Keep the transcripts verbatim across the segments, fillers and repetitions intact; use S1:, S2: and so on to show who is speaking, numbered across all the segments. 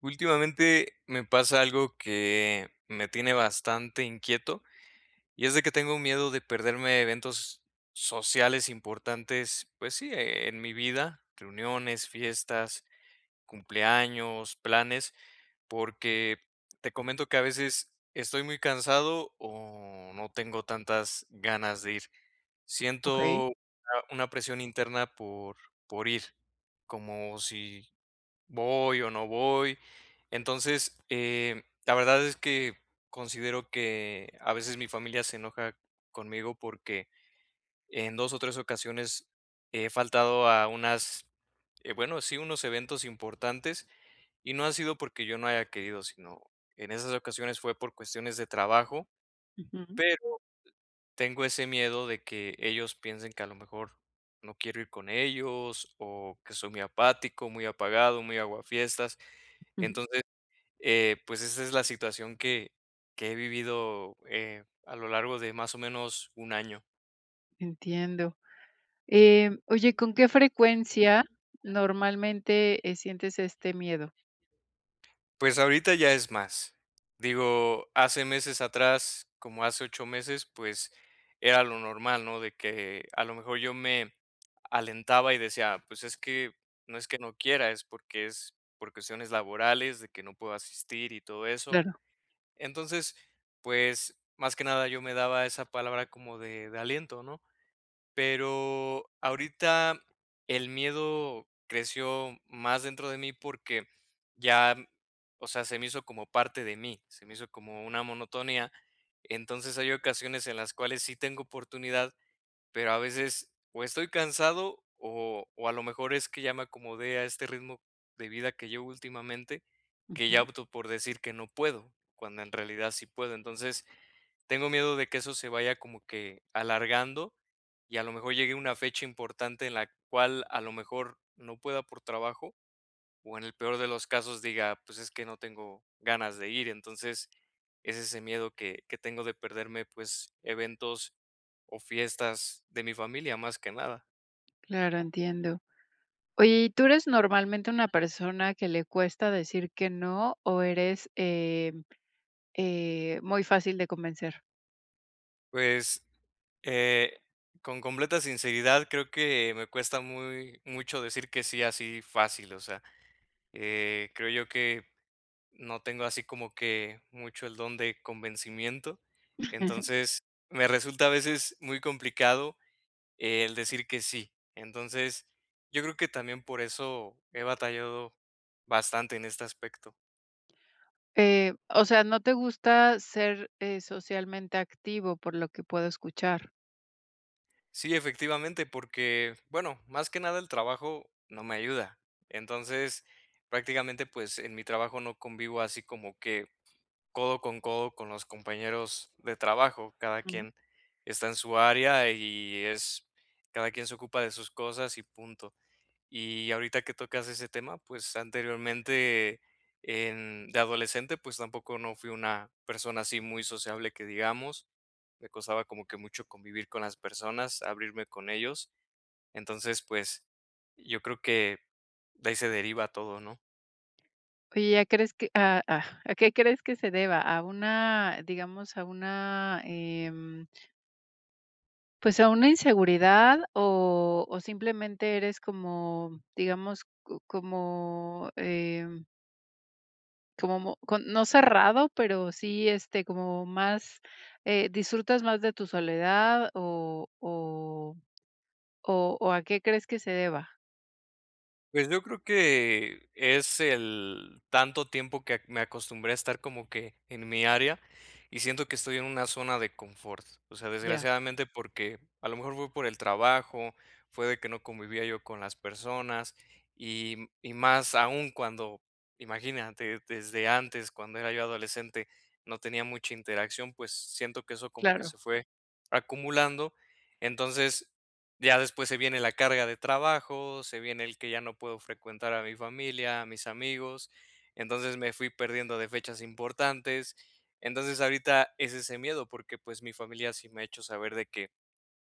S1: Últimamente, me pasa algo que me tiene bastante inquieto y es de que tengo un miedo de perderme eventos sociales importantes, pues, sí, e en mi vida, reuniones, fiestas, cumpleaños, planes, porque te comento que, a veces, estoy muy cansado o no tengo tantas ganas de ir.
S2: Okey.
S1: Siento, eh, una presión interna por por ir, como si, ¿voy o no voy? Entonces, eh, la verdad es que considero que, a veces, mi familia se enoja conmigo, porque en dos o tres ocasiones he faltado a unas, eh, bueno, sí, unos eventos importantes y no ha sido porque yo no haya querido, sino, en esas ocasiones fue por cuestiones de trabajo.
S2: Ujú.
S1: Pero tengo ese miedo de que ellos piensen que, a lo mejor, no quiero ir con ellos o que soy muy apático, muy apagado, muy aguafiestas.
S2: Ujú.
S1: Entonces, eh, pues, esa es la situación que que he vivido, eh, a lo largo de, más o menos, un año.
S2: Entiendo, eh, oye, ¿con qué frecuencia, normalmente, eh, sientes este miedo?
S1: Pues, ahorita ya es más, digo, hace meses atrás, como hace ocho meses, pues, era lo normal, ¿no?, de que a lo mejor yo me alentaba y decía, pues, es que no es que no quiera, es porque, es por cuestiones laborales de que no puedo asistir y todo eso.
S2: Claro.
S1: Entonces, pues, más que nada, yo me daba esa palabra como de de aliento, ¿no? Pero ahorita, el miedo creció más dentro de mí porque, ya, o sea, se me hizo como parte de mí, se me hizo como una monotonía. Entonces hay ocasiones en las cuales sí tengo oportunidad, pero a veces, o estoy cansado, o o a lo mejor es que ya me acomodé a este ritmo de vida que llevo últimamente, que ya
S2: Ujú.
S1: opto por decir que no puedo, cuando en realidad sí puedo, entonces, tengo miedo de que eso se vaya como que alargando, y a lo mejor llegue una fecha importante en la cual a lo mejor no pueda por trabajo. O en el peor de los casos diga, pues, es que no tengo ganas de ir, entonces, es ese miedo que que tengo de perderme, pues, eventos o fiestas de mi familia, más que nada.
S2: Claro, entiendo. Oye, ¿y tú eres normalmente una persona que le cuesta decir que no? O, ¿eres eh eh, muy fácil de convencer?
S1: Pues, eh, con completa sinceridad, creo que me cuesta muy mucho decir que sí, así fácil, o sea, eh, creo yo que no tengo así como que mucho el don de convencimiento. Entonces, me resulta a veces muy complicado el decir que sí. Entonces, yo creo que también por eso he batallado bastante en este aspecto.
S2: Eh, o sea, no te gusta, ser, eh, socialmente activo, por lo que puedo escuchar.
S1: Sí, efectivamente, porque, bueno, más que nada el trabajo, no me ayuda. Entonces, prácticamente, pues, en mi trabajo no convivo así como que codo con codo con los compañeros de trabajo, cada quien, está en su área y es cada quien se ocupa de sus cosas y punto. Y, ahorita que tocas ese tema, pues, anteriormente, en de adolescente, pues, tampoco no fui una persona así muy sociable que digamos, me costaba como que mucho convivir con las personas, abrirme con ellos, entonces, pues, yo creo que de ahí se deriva todo, ¿no?
S2: Oye, ¿a crees que a ah a qué crees que se deba? A una, digamos a una em Pues a una inseguridad o o simplemente eres como, digamos, cu como em Como no cerrado, pero sí, este, como más, eh, ¿disfrutas más de tu soledad o o o o a qué crees que se deba?
S1: Pues yo creo que es el tanto tiempo que me acostumbré a estar como que en mi área y siento que estoy en una zona de confort. O sea,
S2: Ya.
S1: desgraciadamente, porque a lo mejor fue por el trabajo, fue de que no convivía yo con las personas y y más aún cuando, imagínate, desde antes, cuando era yo adolescente, no tenía mucha interacción, pues siento que eso como que
S2: Claro.
S1: se fue acumulando, entonces, ya después se viene la carga de trabajo, se viene el que ya no puedo frecuentar a mi familia, a mis amigos, entonces me fui perdiendo de fechas importantes, entonces ahorita es ese miedo porque pues mi familia sí me ha hecho saber de que,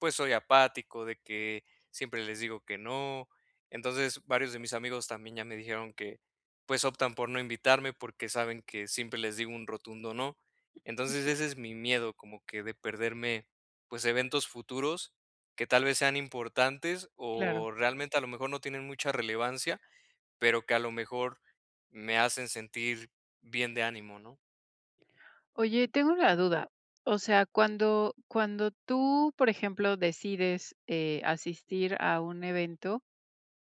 S1: pues soy apático, de que siempre les digo que no, entonces, varios de mis amigos también ya me dijeron que pues optan por no invitarme porque saben que siempre les digo un rotundo, no, entonces ese es mi miedo como que de perderme, pues eventos futuros. Que tal vez sean importantes
S2: Claro.
S1: o realmente a lo mejor no tienen mucha relevancia, pero que a lo mejor me hacen sentir bien de ánimo, ¿no?
S2: Oye, tengo una duda, o sea, cuando cuando tú por ejemplo decides, eh, asistir a un evento,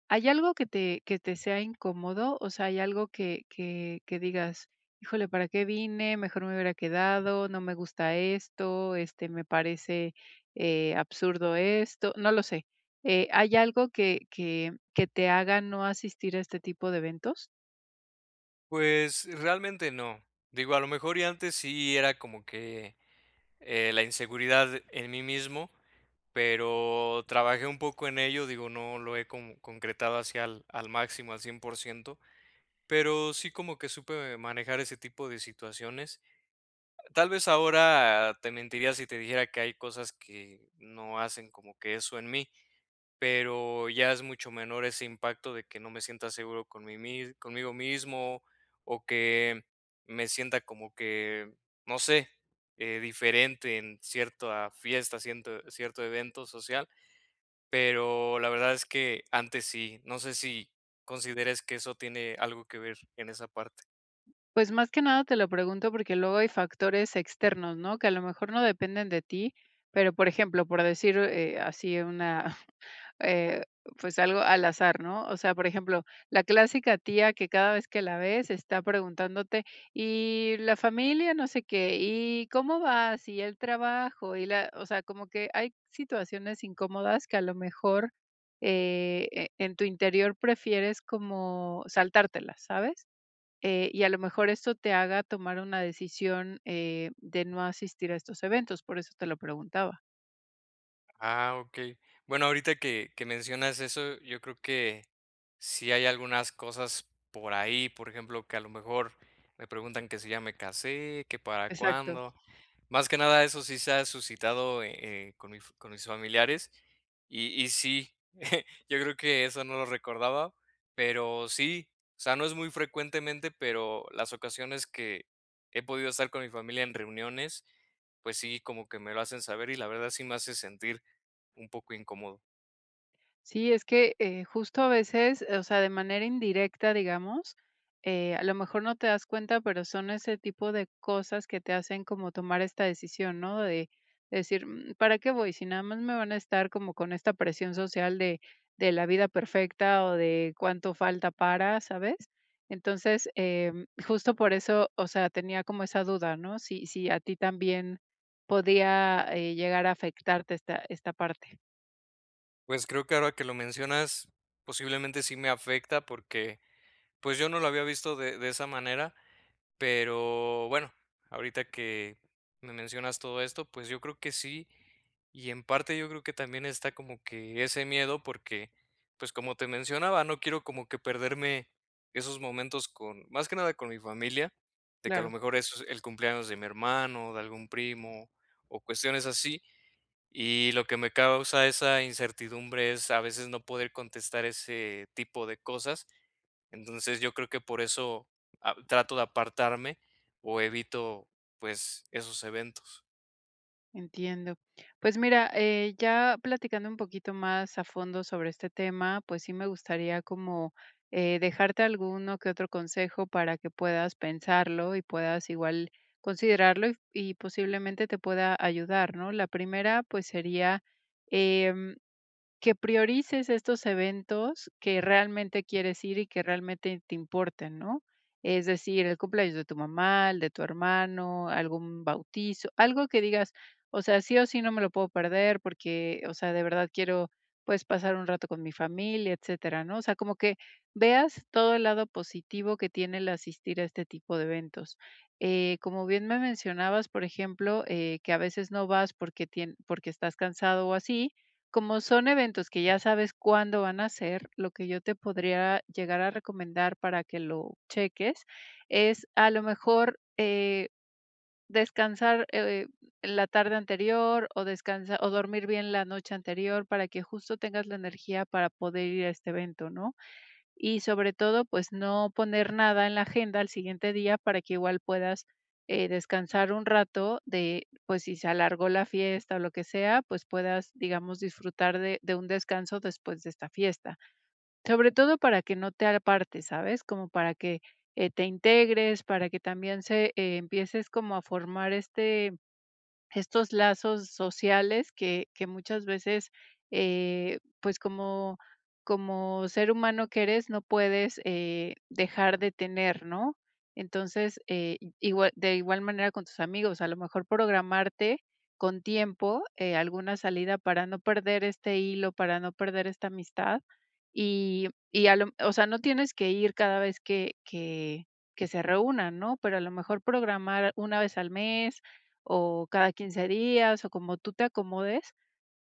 S2: ¿hay algo que te que te sea incómodo? O sea, hay algo que que que digas, híjole, ¿para qué vine? Mejor me hubiera quedado, no me gusta esto, este, me parece, eh, absurdo esto. No lo sé, eh, ¿hay algo que que que te haga no asistir a este tipo de eventos?
S1: Pues, realmente no, digo, a lo mejor y antes sí era como que, eh, la inseguridad en mí mismo, pero, trabajé un poco en ello, digo, no lo he como concretado así al al máximo, al cien por ciento pero sí, como que supe manejar ese tipo de situaciones, tal vez, ahora te mentiría si te dijera que hay cosas que no hacen como que eso en mí, pero ya es mucho menor ese impacto de que no me sienta seguro con mi mis conmigo mismo o que me sienta como que, no sé, eh, diferente en cierta fiesta, cierto cierto evento social. Pero, la verdad es que antes sí, no sé, si consideres que eso tiene algo que ver en esa parte.
S2: Pues, más que nada, te lo pregunto porque luego hay factores externos, ¿no? Que a lo mejor no dependen de ti, pero, por ejemplo, por decir así una eh, pues, algo al azar, ¿no? O sea, por ejemplo, la clásica tía que cada vez que la ves está preguntándote: "¿Y la familia, no sé qué, y cómo vas? ¿Y el trabajo? Y la", o sea, como que hay situaciones incómodas que a lo mejor, eh, en tu interior prefieres como saltártelas, ¿sabes? Eh, y a lo mejor eso te haga tomar una decisión, eh, de no asistir a estos eventos, por eso te lo preguntaba.
S1: Ah okey. Bueno, ahorita que que mencionas eso, yo creo que sí hay algunas cosas por ahí, por ejemplo, que a lo mejor me preguntan que si ya me casé, que para
S2: Exacto.
S1: cuándo, más que nada, eso sí se ha suscitado, eh eh, con mis con mis familiares y y sí, yo creo que eso no lo recordaba, pero sí, o sea, no es muy frecuentemente, pero las ocasiones que he podido estar con mi familia en reuniones, pues sí, como que me lo hacen saber y la verdad, sí me hace sentir un poco incómodo.
S2: Sí, es que, eh, justo a veces, o sea, de manera indirecta, digamos, eh, a lo mejor no te das cuenta, pero, son ese tipo de cosas que te hacen como tomar esta decisión, ¿no? De decir, mm, ¿para qué voy, si nada más me van a estar como con esta presión social de de la vida perfecta, o de cuánto falta para, ¿sabes? Entonces, em justo por eso, o sea, tenía como esa duda, ¿no? Si si a ti también podía, eh, llegar a afectarte esta esta parte.
S1: Pues, creo que ahora que lo mencionas, posiblemente sí me afecta, porque, pues, yo no lo había visto de de esa manera, pero bueno, ahorita que me mencionas todo esto, pues yo creo que sí, y en parte yo creo que también está como que ese miedo, porque, pues, como te mencionaba, no quiero como que perderme esos momentos con más que nada con mi familia, de que a lo
S2: Claro.
S1: mejor eso, es el cumpleaños de mi hermano, de algún primo o cuestiones así. Y lo que me causa esa incertidumbre es a veces no poder contestar ese tipo de cosas, entonces yo creo que por eso, ah, trato de apartarme o evito, pues, esos eventos.
S2: Entiendo. Pues mira, eh ya platicando un poquito más a fondo sobre este tema, pues sí me gustaría como eh, dejarte alguno que otro consejo para que puedas pensarlo y puedas igual considerarlo y posiblemente te pueda ayudar, ¿no? La primera, pues sería em, que priorices estos eventos que realmente quieres ir y que realmente te importen, ¿no? Es decir, el cumpleaños de tu mamá, el de tu hermano, algún bautizo algo que digas: "O sea, sí o sí, no me lo puedo perder porque, o sea, de verdad quiero, pues pasar un rato con mi familia". Etcétera, ¿no? O sea, como que veas todo el lado positivo que tiene el asistir a este tipo de eventos. Eh, como bien me mencionabas, por ejemplo, eh que a veces no vas porque tien porque estás cansado o así, como son eventos que ya sabes cuándo van a ser, lo que yo te podría llegar a recomendar para que lo cheques es, a lo mejor, eh, descansar, eh, en la tarde anterior o descansar o dormir bien la noche anterior para que justo tengas la energía para poder ir a este evento, ¿no? Y sobre todo, pues no poner nada en la agenda al siguiente día para que igual puedas, eh, descansar un rato de pues si se alargó la fiesta o lo que sea, pues puedas, digamos, disfrutar de de un descanso después de esta fiesta. Sobre todo para que no te apartes, ¿sabes? Como para que eh, te integres, para que también se empieces como a formar este estos lazos sociales que que muchas veces, eh pues como, como ser humano que eres, no puedes eh, dejar de tener, ¿no? Entonces, eh, igual de igual manera con tus amigos, a lo mejor programarte, con tiempo eh, alguna salida para no perder este hilo, para no perder esta amistad. Y y a lo o sea, no tienes que ir cada vez que que que se reúnan, ¿no? Pero a lo mejor programar una vez al mes o cada quince días o como tú te acomodes,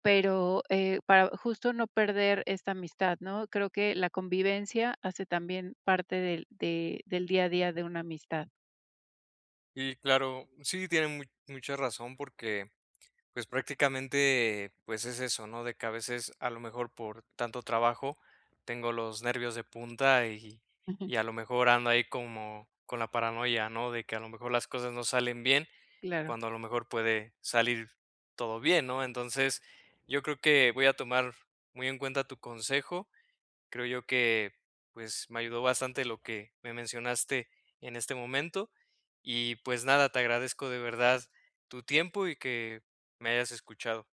S2: pero eh, para justo no perder esta amistad, ¿no? Creo que la convivencia hace también parte del de del día a día de una amistad.
S1: Y, claro sí, tiene mu mucha razón porque, pues prácticamente, pues es eso, ¿no? De que a veces a lo mejor por tanto trabajo tengo los nervios de punta y
S2: Ujú.
S1: y a lo mejor ando ahí como con la paranoia, ¿no? De que a lo mejor las cosas no salen bien,
S2: Claro.
S1: cuando a lo mejor puede salir todo bien, ¿no? Entonces, yo creo que voy a tomar muy en cuenta tu consejo. Creo yo que, pues me ayudó bastante lo que me mencionaste en este momento. Y pues nada, te agradezco de verdad tu tiempo y que me hayas escuchado.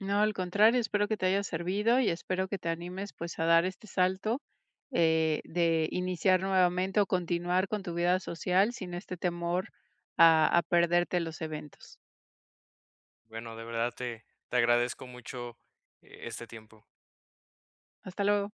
S2: No, al contrario, espero que te haya servido y espero que te animes, pues a dar este salto, eh, de iniciar nuevamente o continuar con tu vida social sin este temor a a perderte los eventos.
S1: Bueno, de verdad te, te agradezco mucho e este tiempo.
S2: Hasta luego.